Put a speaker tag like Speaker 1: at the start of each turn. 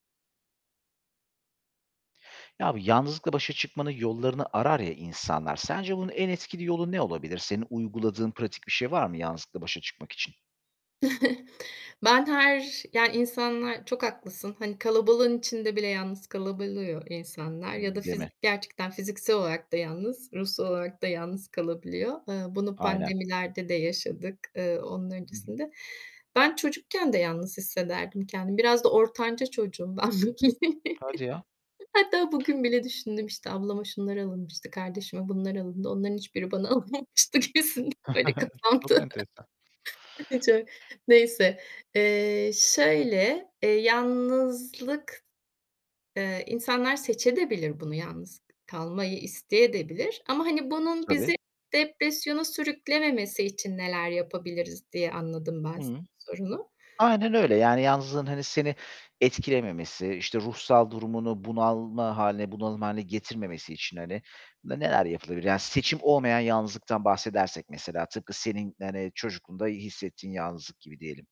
Speaker 1: Ya, bu yalnızlıkla başa çıkmanın yollarını arar ya insanlar, sence bunun en etkili yolu ne olabilir? Senin uyguladığın pratik bir şey var mı yalnızlıkla başa çıkmak için?
Speaker 2: Ben her Yani insanlar Çok haklısın, hani, kalabalığın içinde bile yalnız kalabiliyor insanlar ya da
Speaker 1: Imm, değil mi?
Speaker 2: fizik gerçekten fiziksel olarak da yalnız, ruhsal olarak da yalnız kalabiliyor. Iıı, bunu
Speaker 1: Aynen.
Speaker 2: pandemilerde de yaşadık. Eee, onun
Speaker 1: Hı hı.
Speaker 2: öncesinde. Ben çocukken de yalnız hissederdim kendimi. Biraz da ortanca çocuğum ben bugün,
Speaker 1: Hadi ya!
Speaker 2: hatta bugün bile düşündüm, işte, "Ablama şunlar alınmıştı, kardeşime bunlar alındı. Onların hiçbiri bana alınmamıştı." gibisinden, böyle,
Speaker 1: Çok
Speaker 2: kafamda.
Speaker 1: enteresan.
Speaker 2: Çok, neyse. Eee, şöyle, eee, yalnızlık, eee, insanlar seçedebilir de bunu yalnız k kalmayı isteyedebilir ama hani bunun
Speaker 1: Tabii.
Speaker 2: bizi depresyona sürüklememesi için neler yapabiliriz diye anladım ben
Speaker 1: Hıı.
Speaker 2: sorunu.
Speaker 1: Aynen öyle yani yalnızlığın, hani, seni etkilememesi, işte, ruhsal durumunu bunalma hâline, bunalım hâline getirmemesi için hani ne neler yapılabilir? Yani seçim olmayan yalnızlıktan bahsedersek mesela, tıpkı senin hani çocukluğunda hissettiğin yalnızlık gibi diyelim.